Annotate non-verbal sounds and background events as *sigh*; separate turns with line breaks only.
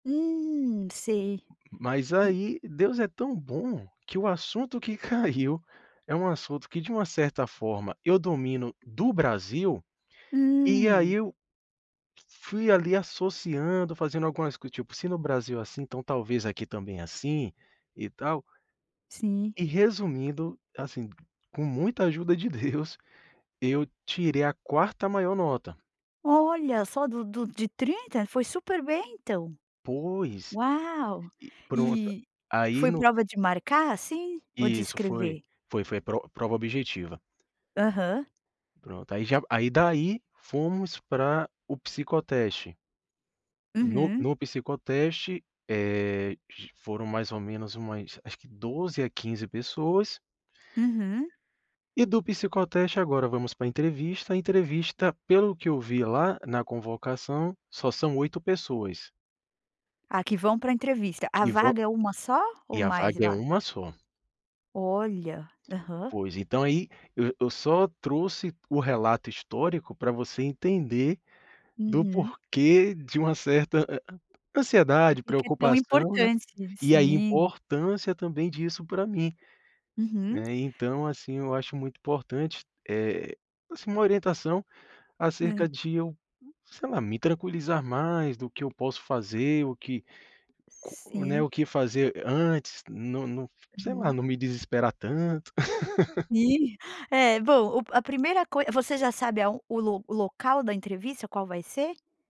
Hum, sei.
Mas
E
aí, Deus é tão bom, que o assunto que caiu é um assunto que de uma certa forma eu domino do Brasil, e
Hum.
aí eu f fui, ali, associando, fazendo algumas co tipo, se no Brasil é assim, então talvez aqui também é assim e tal.
Sim.
E resumindo, assim, com muita ajuda de Deus, eu tirei a quarta maior nota.
Olha, só do do de 30? Foi super bem então.
Pois.
Uau!
E pronto,
E,
a aí
foi
no.
prova de marcar, assim, ou de
Isso foi.
escrever?
Foi foi pro prova objetiva.
Aham.
Pronto, aí já aí daí fomos para o psicoteste. No
Uhum.
no psicoteste, eh, g foram mais ou menos umas acho que 12 à 15 pessoas.
Uhum.
E do psicoteste agora vamos pra entrevista, a entrevista pelo que eu vi lá na convocação só são 8 pessoas.
Ah, que vão pra entrevista. A
Que vão
vaga é uma só ou
e a
mais
vaga é
va
1 só.
Olha. Aham.
Pois. Então aí, eu eu só trouxe o relato histórico para você entender do
Uhum.
porquê de uma certa a an
Porque
ansiedade,
que que é tão
preocupação, né,
importante.
e a
Sim.
importância também disso pra mim,
Uhum.
né. Então, assim, eu acho muito importante, eh, assim, uma orientação
É.
acerca de eu, sei lá, me tranquilizar mais do que eu posso fazer, o que co né, o
Sim.
que fazer a antes, não não. sei lá,
Uhum.
não me desesperar tanto. *laughs*
E. É, bom, o a primeira coi você já sabe aon o lo o local da entrevista qual vai ser?